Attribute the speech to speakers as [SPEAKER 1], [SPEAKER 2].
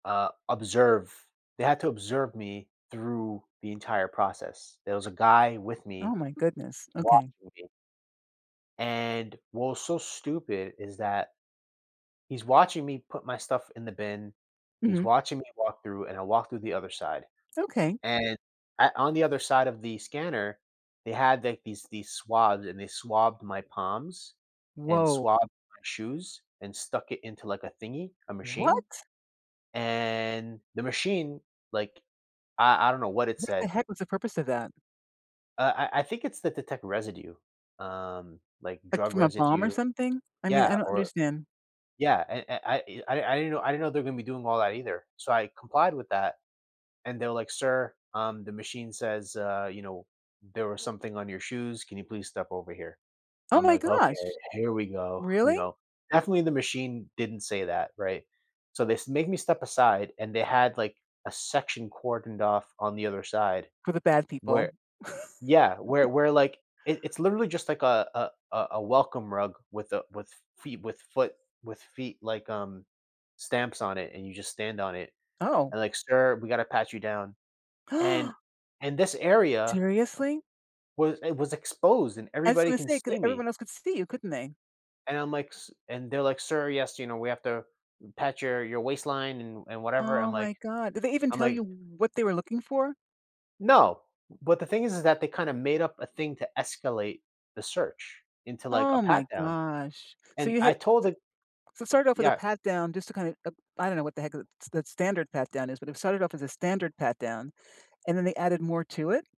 [SPEAKER 1] Uh, observe. They had to observe me through the entire process. There was a guy with me
[SPEAKER 2] Oh, my goodness, okay.
[SPEAKER 1] watching me. And what was so stupid is that. He's watching me put my stuff in the bin, he's
[SPEAKER 2] Mhm.
[SPEAKER 1] watching me walk through, and I walk through the other side,
[SPEAKER 2] Okay.
[SPEAKER 1] and at on the other side of the scanner, they had, like, these these swabs, and they swabbed my palms, and
[SPEAKER 2] Whoa.
[SPEAKER 1] swabbed my shoes, and stuck it into, like, a thingy, a machine,
[SPEAKER 2] What?
[SPEAKER 1] and the machine, like, I I don't know what it
[SPEAKER 2] What the
[SPEAKER 1] said.
[SPEAKER 2] heck was the purpose of that?
[SPEAKER 1] Uh, I I think it's to detect residue, um, like
[SPEAKER 2] Like,
[SPEAKER 1] drug
[SPEAKER 2] from a bomb or
[SPEAKER 1] residue.
[SPEAKER 2] something? I mean,
[SPEAKER 1] Yeah,
[SPEAKER 2] I don't
[SPEAKER 1] or
[SPEAKER 2] understand.
[SPEAKER 1] yeah, I I I I didn't know I didn't know they're gonna be doing all that either. So I complied with that, and they're, like, "Sir, um, the machine says, uh, you know, there was something on your shoes. Can you please step over here?"
[SPEAKER 2] Oh,
[SPEAKER 1] I'm,
[SPEAKER 2] my
[SPEAKER 1] like, "Okay,
[SPEAKER 2] gosh.
[SPEAKER 1] here we go," you
[SPEAKER 2] Really?
[SPEAKER 1] know. Definitely the machine didn't say that, right? So they s made me step aside and they had, like, a section cordoned off on the other side
[SPEAKER 2] For the bad people.
[SPEAKER 1] where yeah, where where, like, it it's literally just like a a a a welcome rug with a with feet with foot with feet, like, um, stamps on it, and you just stand on it,
[SPEAKER 2] Oh.
[SPEAKER 1] and, like, "Sir, we gotta pat you down." And in this area
[SPEAKER 2] Seriously?
[SPEAKER 1] was it was exposed and
[SPEAKER 2] I was
[SPEAKER 1] everybody
[SPEAKER 2] gonna
[SPEAKER 1] can
[SPEAKER 2] say 'cause
[SPEAKER 1] see me.
[SPEAKER 2] everyone else could see you, couldn't they?
[SPEAKER 1] And I'm, like, "s" and they're, like, "Sir, yes, you know, we have to pat your your waistline and and whatever." I'm
[SPEAKER 2] Oh,
[SPEAKER 1] like
[SPEAKER 2] my god, did they even
[SPEAKER 1] I'm
[SPEAKER 2] tell
[SPEAKER 1] like
[SPEAKER 2] you what they were looking for?
[SPEAKER 1] No, but the thing is is that they kinda made up a thing to escalate the search into, like, a
[SPEAKER 2] Oh, my
[SPEAKER 1] pat down,
[SPEAKER 2] gosh. So
[SPEAKER 1] and
[SPEAKER 2] you
[SPEAKER 1] I
[SPEAKER 2] had s
[SPEAKER 1] told the
[SPEAKER 2] so it started off with a
[SPEAKER 1] yeah.
[SPEAKER 2] pat down, just to kinda, uh, I don't know what the heck the st the standard pat down is, but, it started off as a standard pat down, and then they added more to it.